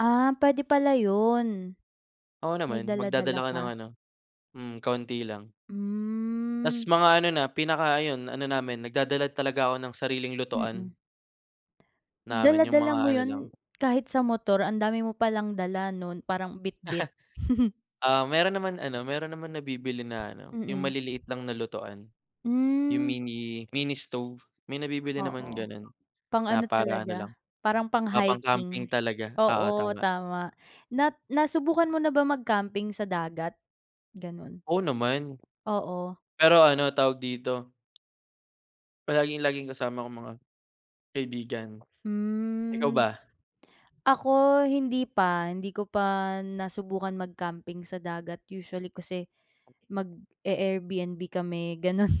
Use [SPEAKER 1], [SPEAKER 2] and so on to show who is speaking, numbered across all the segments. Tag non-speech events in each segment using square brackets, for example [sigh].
[SPEAKER 1] Ah, pwede pala yun,
[SPEAKER 2] Oo
[SPEAKER 1] may
[SPEAKER 2] naman,
[SPEAKER 1] dala-dala
[SPEAKER 2] magdadala ka ng
[SPEAKER 1] ka.
[SPEAKER 2] ano, hmm, kaunti lang. 'Tas,
[SPEAKER 1] Hmm.
[SPEAKER 2] mga ano na, pinaka ayun ano namin, nagdadala talaga ako ng sariling lutuan.
[SPEAKER 1] Mm.
[SPEAKER 2] Namin yung mga
[SPEAKER 1] Dala-dala mo
[SPEAKER 2] ano lang.
[SPEAKER 1] yun, kahit sa motor ang dami mo palang dala nun, parang bitbit. [chuckles]
[SPEAKER 2] [chuckles] Ah, meron naman ano, meron naman nabibili na ano, yung
[SPEAKER 1] Mm.
[SPEAKER 2] maliliit lang na lutuan, yung
[SPEAKER 1] Hmm.
[SPEAKER 2] mini mini stove, may nabibili naman
[SPEAKER 1] Oo,
[SPEAKER 2] ganun,
[SPEAKER 1] pang
[SPEAKER 2] na,
[SPEAKER 1] ano
[SPEAKER 2] para, ano
[SPEAKER 1] talaga,
[SPEAKER 2] lang,
[SPEAKER 1] parang
[SPEAKER 2] ah, pang-camping
[SPEAKER 1] pang-hiking,
[SPEAKER 2] talaga, oo,
[SPEAKER 1] oo,
[SPEAKER 2] tama.
[SPEAKER 1] tama, nat nasubukan mo na ba mag camping sa dagat, ganon?
[SPEAKER 2] Oo naman,
[SPEAKER 1] Oo.
[SPEAKER 2] pero, ano, tawag dito. Palaging laging kasama ko mga, kaibigan, ikaw
[SPEAKER 1] Hmm,
[SPEAKER 2] ba?
[SPEAKER 1] ako hindi pa, hindi ko pa nasubukan mag-camping sa dagat usually kasi mag-e-Airbnb kami ganun,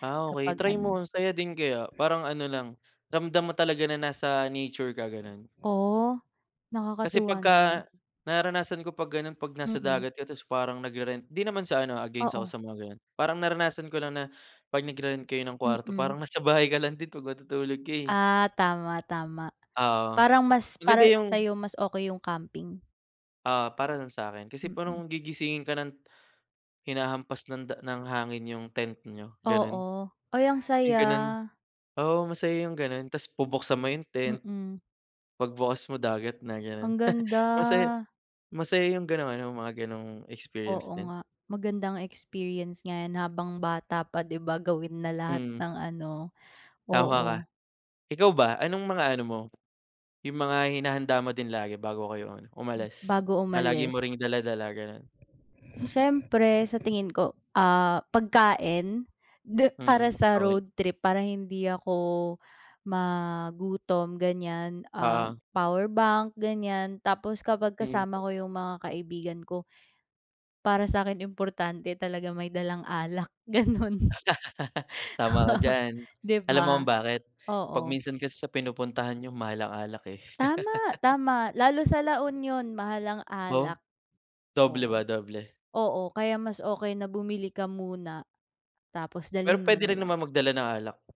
[SPEAKER 2] Ah, okey
[SPEAKER 1] kapag
[SPEAKER 2] try mo
[SPEAKER 1] ano
[SPEAKER 2] ang saya din kaya, parang ano, lang ramdam mo talaga na nasa nature ka ganon.
[SPEAKER 1] Oh,
[SPEAKER 2] Kasi,
[SPEAKER 1] nakakatuwa
[SPEAKER 2] pagka,
[SPEAKER 1] naman.
[SPEAKER 2] nararanasan ko pag ganun, 'pag nasa
[SPEAKER 1] Mm.
[SPEAKER 2] dagat ka, tapos, parang nagre-rent, 'di naman sa ano, ah, against ako
[SPEAKER 1] Oo.
[SPEAKER 2] sa mga ganon, parang naranasan ko lang na pag nagre-rent kayo ng kwarto
[SPEAKER 1] Mm.
[SPEAKER 2] parang nasa bahay ka lang din pag matutulog ka, eh.
[SPEAKER 1] Ah, tama, tama
[SPEAKER 2] Oo
[SPEAKER 1] parang mas, para
[SPEAKER 2] maganda yung.
[SPEAKER 1] sayo mas okey yung camping.
[SPEAKER 2] Oo, para lang sakin, kasi,
[SPEAKER 1] Mm.
[SPEAKER 2] parang gigisingin ka ng,hinahampas ng da ng hangin yung tent niyo, ganun,
[SPEAKER 1] Oo, ay, ang
[SPEAKER 2] yung
[SPEAKER 1] saya.
[SPEAKER 2] ganon, oo, masaya yung ganun, 'tas bubuksan mo yung tent.
[SPEAKER 1] Mm.
[SPEAKER 2] Pag bukas mo dagat na, ganun,
[SPEAKER 1] Ang
[SPEAKER 2] [chuckles]
[SPEAKER 1] ganda.
[SPEAKER 2] masaya masaya yung ganun, yung mga ganong experience
[SPEAKER 1] Oo
[SPEAKER 2] din.
[SPEAKER 1] nga, magandang experience nga yan habang bata pa 'di ba gawin na lahat
[SPEAKER 2] Mm.
[SPEAKER 1] ng ano,
[SPEAKER 2] Tama ka,
[SPEAKER 1] oo.
[SPEAKER 2] ikaw ba, anong mga ano mo, yung mga hinahanda mo din lagi bago kayo ano,
[SPEAKER 1] Hmm,
[SPEAKER 2] umalis?
[SPEAKER 1] bago
[SPEAKER 2] Palagi mo
[SPEAKER 1] umalis.
[SPEAKER 2] ring dala-dala ganon.
[SPEAKER 1] Siyempre sa tingin ko, ah, pagkain, di para
[SPEAKER 2] Mm,
[SPEAKER 1] sa
[SPEAKER 2] okey.
[SPEAKER 1] road trip, para hindi ako ma gutom ganyan, ah,
[SPEAKER 2] Oo.
[SPEAKER 1] powerbank ganyan, tapos, kapag
[SPEAKER 2] Mm.
[SPEAKER 1] kasama ko yung mga kaibigan ko, para sakin importante talaga may dalang alak ganun [chuckles]
[SPEAKER 2] [laughs] Tama ka diyan,
[SPEAKER 1] 'di
[SPEAKER 2] alam mo
[SPEAKER 1] ba,
[SPEAKER 2] kung bakit? Pag
[SPEAKER 1] oo.
[SPEAKER 2] minsan kasi sa pinupuntahan niyo mahal ang alak, eh.
[SPEAKER 1] Tama,
[SPEAKER 2] [laughs]
[SPEAKER 1] tama. Lalo sa La Union mahal ang
[SPEAKER 2] Oh,
[SPEAKER 1] alak.
[SPEAKER 2] doble
[SPEAKER 1] Oo,
[SPEAKER 2] ba, doble?
[SPEAKER 1] oo, kaya mas okey na bumili ka muna, tapos
[SPEAKER 2] Pero,
[SPEAKER 1] dalhin mo
[SPEAKER 2] pwede
[SPEAKER 1] na
[SPEAKER 2] rin
[SPEAKER 1] lang.
[SPEAKER 2] naman magdala ng alak?